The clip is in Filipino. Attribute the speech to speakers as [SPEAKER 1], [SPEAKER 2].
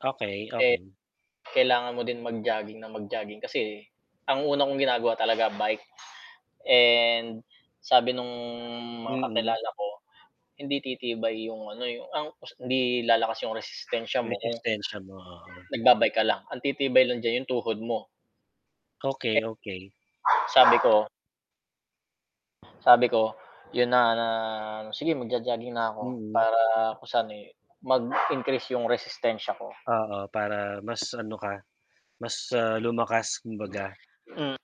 [SPEAKER 1] Okey,
[SPEAKER 2] Eh,
[SPEAKER 1] okey.
[SPEAKER 2] kailangan mo din mag-jogging nang mag-jogging kasi ang una kong ginagawa talaga bike, and, sabi nung mga
[SPEAKER 1] Mm.
[SPEAKER 2] kakilala ko, hindi titibay yung ano, yung ang hindi lalakas yung resistensya
[SPEAKER 1] Yung
[SPEAKER 2] mo kung
[SPEAKER 1] resistensya mo, oo.
[SPEAKER 2] nagba-bike ka lang, ang titibay lang diyan yung tuhod mo.
[SPEAKER 1] Okey, okey.
[SPEAKER 2] Sabi ko sabi ko, yun na, sige mag-jo-jogging na ako
[SPEAKER 1] Mhm.
[SPEAKER 2] para kung sa'n eh, mag-increase yung resistensya ko.
[SPEAKER 1] Oo, para mas ano ka, mas, ah, lumakas kumbaga.
[SPEAKER 2] Hmm.